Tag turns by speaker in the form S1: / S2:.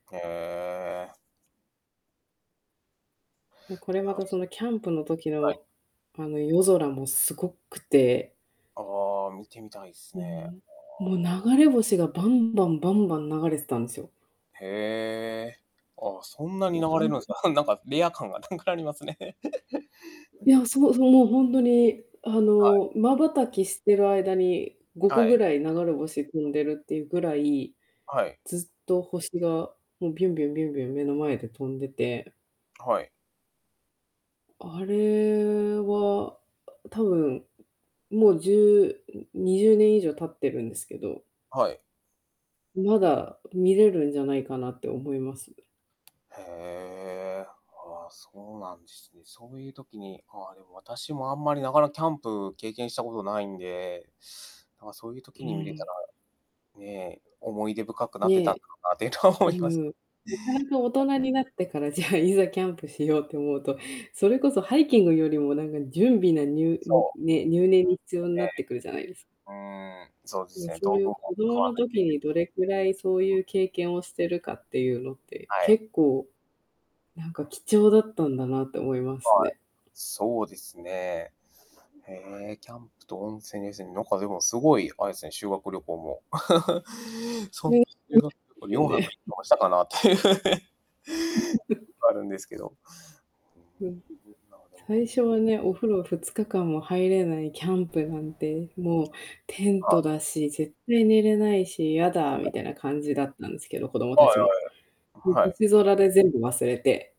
S1: へえ。
S2: で、こ
S1: い
S2: れ、また、
S1: や。
S2: その、キャンプの時
S1: はい。
S2: の、あの、夜空もすごくて。
S1: ああ、見てみたいっす
S2: うー
S1: ね。
S2: ん。も
S1: あ
S2: う
S1: あ。
S2: 流れ星がバンバン、バンバン、流れてたんすよ。
S1: へえ。ああ、そんなに
S2: も
S1: 流
S2: う、ほ
S1: れるん
S2: ん
S1: すか。なんか、レア感がなくなりますね。
S2: ねお。そうそう。もう、本当に、あ
S1: はい。
S2: の、瞬きしてる間に、ご
S1: は
S2: こぐ
S1: い。
S2: らい流れ星飛んでるっていうぐらい、
S1: はい。
S2: ずっと星が、もう、ビュンビュン、ビュンビュン、目の前で飛んでて。
S1: はい。
S2: あれは、あ多分、もう、じゅうん、20年以上経ってるんですけど
S1: はい。
S2: うまだ見れるんじゃないかなって思います。
S1: へえ。ああ、そうなんですね。そういう時に、ああ、でも、私もあんまり、なかなかキャンプ経験したことないんで、なんか、そういう
S2: う
S1: 時に見れ
S2: ー
S1: た
S2: ん。
S1: ら、ねえ、思い出深くなってたんだ
S2: ね。
S1: ろうなっていうのは
S2: う
S1: 思
S2: ー
S1: います。
S2: ん、なかなか、大 人になってから、じゃあ、いざキャンプしようと思うと、それこそ、ハイキングよりもなんか準備なにゅ
S1: そ
S2: ん、
S1: う。
S2: ね。入念に必要に
S1: え
S2: な
S1: え。
S2: ってくるじゃないです
S1: うーん。そうで
S2: う
S1: す
S2: わ、
S1: ね。
S2: そ
S1: 道
S2: うい
S1: 具
S2: う、子
S1: も買
S2: 供
S1: わ
S2: の
S1: ないと
S2: 時にどれくらい、そう
S1: いけん
S2: い
S1: し、うん。
S2: う経験をしてるかっていうのって、
S1: はい。
S2: 結構、なんか、貴重だったんだなって思います
S1: はい。
S2: ね。
S1: そうですね。ええ、キャンプと温泉ですね。なんか、でも、すごい、あれすね、修学旅行も。そう
S2: で。う。
S1: 修
S2: で
S1: 学旅行
S2: す
S1: よ
S2: よ
S1: んはく
S2: ね。
S1: いつかもしたかなって。あるんですけど。
S2: うん。
S1: うん、まあでも
S2: 最初はね、お風呂2日間も入れないキャ
S1: は
S2: ンプなんて、もう、テン
S1: い。
S2: トだし、絶対寝れないし、嫌だ
S1: は
S2: み
S1: い。
S2: たいなかんじだったんですけど、子供
S1: はい
S2: たちも。
S1: は い。はい。
S2: 星空で全部忘れて。